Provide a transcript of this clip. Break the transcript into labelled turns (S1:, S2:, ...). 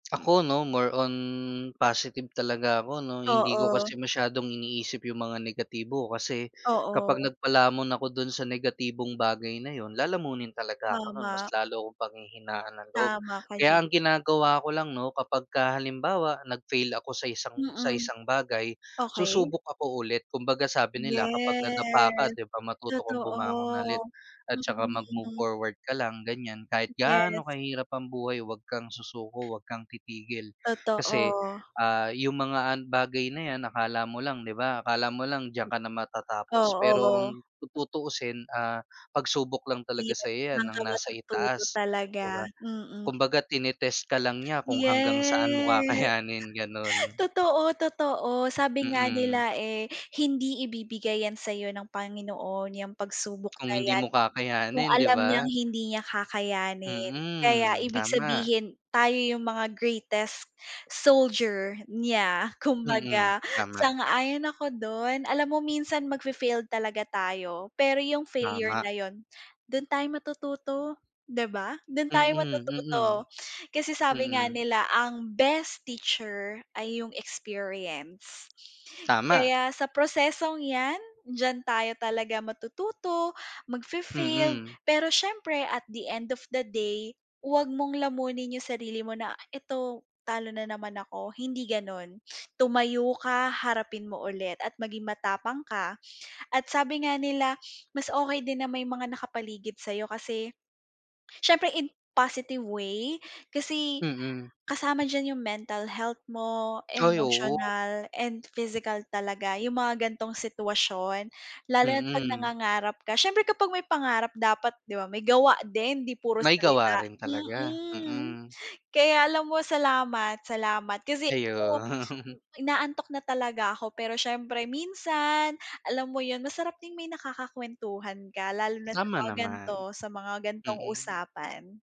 S1: Ako, no more on positive talaga ako noh. hindi ko
S2: Oo.
S1: kasi masyadong iniisip yung mga negatibo kasi kapag
S2: Oo.
S1: nagpalamon ako dun sa negatibong bagay na yun lalamunin talaga ako nun, mas
S2: Tama.
S1: lalo akong panghihinaan ng loob.
S2: Tama ka
S1: Kaya
S2: diyan.
S1: ang ginagawa ko lang noh kapagka halimbawa nag-fail ako sa isang sa
S2: Mm,
S1: isang bagay
S2: okey.
S1: susubok ako ulit kumbaga sabi nila kapag nadapa ka
S2: Yes,
S1: 'di ba matuto kang bumangon ulit,
S2: totoo,
S1: at tsaka mag-move
S2: mm.
S1: forward ka lang ganyan kahit
S2: Yes.
S1: gaano kahirap ang buhay 'wag kang susuko huwag kang titigil. Kasi,
S2: Totoo.
S1: ah, yung mga bagay na 'yan akala mo lang 'di ba akala mo lang diyan ka na matatapos pero
S2: Oo.
S1: ang tutuusin, ah, pagsubok lang talaga sa'yo 'yan
S2: Diyan
S1: ng
S2: ka
S1: nasa
S2: matututo
S1: itaas
S2: talaga,
S1: 'di ba,
S2: mm.
S1: kumbaga tine-test ka lang niya kung hanggang saan mo
S2: Yes.
S1: kakayanin ganon.
S2: Totoo, totoo sabi nga
S1: Mm.
S2: nila, eh, hindi ibibigay 'yan sa'yo ng Panginoon yang pagsubok
S1: Kung
S2: na
S1: hindi
S2: 'yan,
S1: mo
S2: kung
S1: kakayanin 'di
S2: alam niyang
S1: ba?
S2: hindi niya kakayanin kaya
S1: Mm,
S2: ibig
S1: tama.
S2: sabihin tayo yung mga greatest soldier niya
S1: Mm,
S2: kumbaga.
S1: tama.
S2: Sang-ayon ako dun alam mo minsan mag-fai-failed talaga tayo, pero yung failure
S1: Tama.
S2: na yun dun tayo matututo 'di ba dun tayo
S1: Mm, mm.
S2: matututo. Kasi sabi nga
S1: Mm.
S2: nila ang best teacher ay yung experience,
S1: Tama.
S2: kaya sa prosesong 'yan diyan tayo talaga matututo mag fai-fail,
S1: Mm.
S2: pero syempre at the end of the day huwag mong lamunin yung sarili mo na eto talo na naman ako hindi ganon, tumayo ka harapin mo ulit at maging matapang ka. At, sabi nga nila mas okey din na may mga nakapaligid sa'yo kasi syempre in positive way kasi,
S1: Mm.
S2: kasama diyan yung mental health mo,
S1: Ay, oo.
S2: emotional and physical talaga yung mga gan'tong sitwasyon lalo na't 'pag
S1: Mm.
S2: nangangarap ka. Syempre kapag may pangarap dapat di ba may gawa din 'di puro
S1: May gawa
S2: salita,
S1: rin talaga,
S2: mm,
S1: mm.
S2: kaya alam mo salamat salamat kasi,
S1: Ayun.
S2: oh, inaantok na talaga ako pero siyempre minsan alam mo yun masarap din may nakakakuwentuhan ka lalo na sa
S1: Tama
S2: mga
S1: naman,
S2: gan'to, sa mga gan'tong
S1: mm.
S2: usapan.